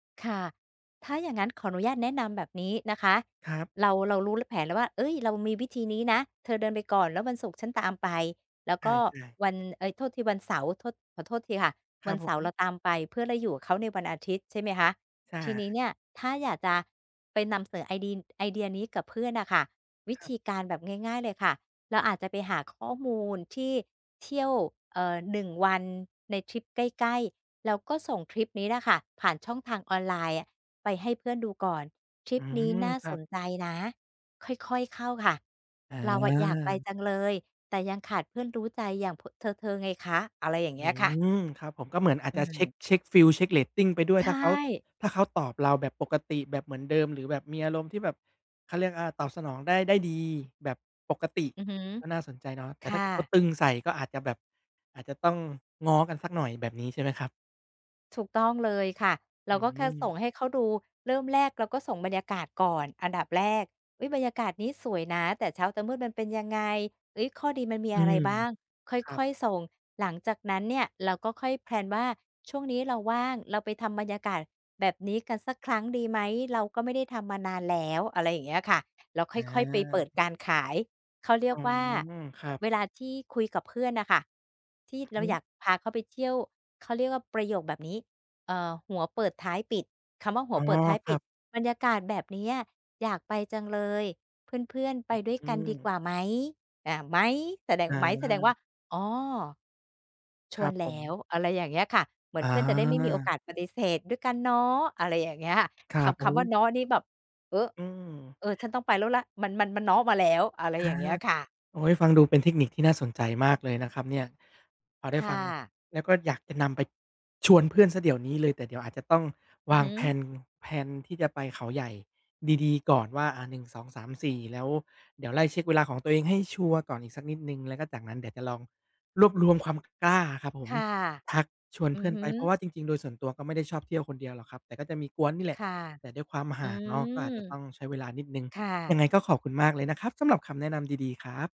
ค่ะ ถ้าอย่างงั้นขออนุญาตแนะนำแบบนี้นะคะ ครับ เรา เรารู้ ล แผนแล้วว่า เอ๊ย เรามีวิธีนี้นะ เธอเดินไปก่อน แล้ววันศุกร์ฉันตามไป แล้วใกช็่ ๆ วัน เอ๊ย โทษทีวันเสาร์ โทษ ขอโทษทีค่ะ ครวัับนเผสาร์เรม าตามไป เพื่อเราอยู่กับเขาในวันอาทิตย์ใช่ไหมคะ ช อทีนี้า เนี่ยถ้าอยากจะไปนำเสนอไอดี ไอเดียนี้กับเพื่อนน่ะค่ะ วิครัธบ ีการแบบง่าย ๆ เลยค่ะ เราอาจจะไปหาข้อมูลที่เที่ยว เออ หนึ่งวันในทริปใกล้ ๆ แล้วก็ส่งคลิปนี้แหละค่ะผ่านช่องทางออนไลน์อะไปให้เพื่อนดูก่อน "ทรอิืปนี้ม น่าครัสบ นใจนะ ค่อย ๆ เข้าค่ะ อเราอะอยากไปา จังเลย แต่ยังขาดเพื่อนรู้ใจอย่าง พ เธอ ๆ ไงคะ" อะไรอย่างอเงืี้ยค่ะ ม ครับผม ก็เหมือนอาอจืจะเช็ก ม เช็กฟีล เช็กเรตติง ไปด้วใย ชถ้าเขา ่ ถ้าเขาตอบเราแบบปกติแบบเหมือนเดิม หรือแบบมีอารมณ์ที่แบบ เขาเรียก อา ตอบสนองได้ ได้ดี แบบปกติอือฮึ ก็น่าสนใจเนาะ แตค่ถ้่าเกิดเขาะ ตึงใส่ก็อาจจะแบบ อาจจะต้องง้อกันสักหน่อย แบบนี้ใช่ไหมครับ? ถูกต้องเลยค่ะ เอราืก็แค่สม ่งให้เขาดู เริ่มแรกเราก็ส่งบรรยากาศก่อนอันดับแรก "อุ๊ย บรรยากาศนี้สวยนะ แต่เช้า แต่มืดมันเป็นยังไง เอ๊ย ข้อดีมันมีอือะไรม บ้าง" คครั่บ อย ๆ ส่ง หลังจากนั้นเนี่ย เราก็ค่อย แพลน ว่า "ช่วงนี้เราว่างเราไปทำบรรยากาศแบบนี้กันสักครั้งดีไหม? เราก็ไม่ได้ทำมานานแล้ว" อะไรอย่างเงี้ยค่ะ แล้วคอ่อย ๆ ไปเปิดา การขาย เขาเรีอยก๋อ ว่า ครอ ับ เวลาที่คุยกับเพื่อนน่ะค่ะ ที่อือเรฮาึ อยากพาเขาไปเที่ยว เขาเรียกว่าประโยคแบบนี้ เอ่อ หัวเปิดท้ายปิด คำว่าหัอ๋วอ เปิดท้ายคปริัด บ "บรรยากาศแบบเนี้ย อยากไปจังเลย เพื่อน ๆ ไปด้วยอืกันดีกวม ่าไหม?" อา "ไหม" แสดง "ไหม" แสดงวอา ่า "อ๋อ ชควรันบแผล้ม ว" อะไรอย่างเงี้ยค่ะ เหมืออนเพื่อนจะได้ไม่มีโอกา าสปฏิเสธ "ด้วยกันเนาะ" อะไรอย่างเงี้ย ครทับ โำ อคำว้ ่า "เนาะ" นี่แบบ เออ อืเออ ฉม ันต้องไปแล้ว ล มัน มัน "เนาะ" มาแล้ว อะไรออา ย่างเงี้ยค่ะ โอ๊ย ฟังดูเป็นเทคนิคที่น่าสนใจมากเลยนะครับเนี่ย พอไดค้่ฟังะ แล้วก็อยากจะนำไปชวนเพื่อนเสียเดี๋ยวนี้เลย แต่เดี๋ยวอาจจะต้องอืวอาฮง ึ แพลน แพลน ที่จะไปเขาใหญ่ดี ๆ ก่อนว่า อา 1 2 3 4 แล้วเดี๋ยวไล่เช็กเวลาของตัวเองให้ชัวร์ก่อนอีกสักนิดหนึ่ง แล้วก็จากนั้นเดี๋ยวจะลองรวบรวมความกล้าครับผคม ่ะ ทักชวนอืเพือ่อนฮไป เพราะึ ว่าจริง ๆ โดยส่วนตัวก็ไม่ได้ชอบเที่ยวคนเดียวหรอกครับ แต่ก็จะมีก๊วนนี่แหลคะ ่ะ แต่ด้วยความอหื่างเนาะ ก็ม อาจจะต้องใช้เวลานิดหนึ่ง ค่ยัะ งไงก็ขอบคุณมากเลยนะครับ สำหรับคำแนะนำดี ๆ ครับ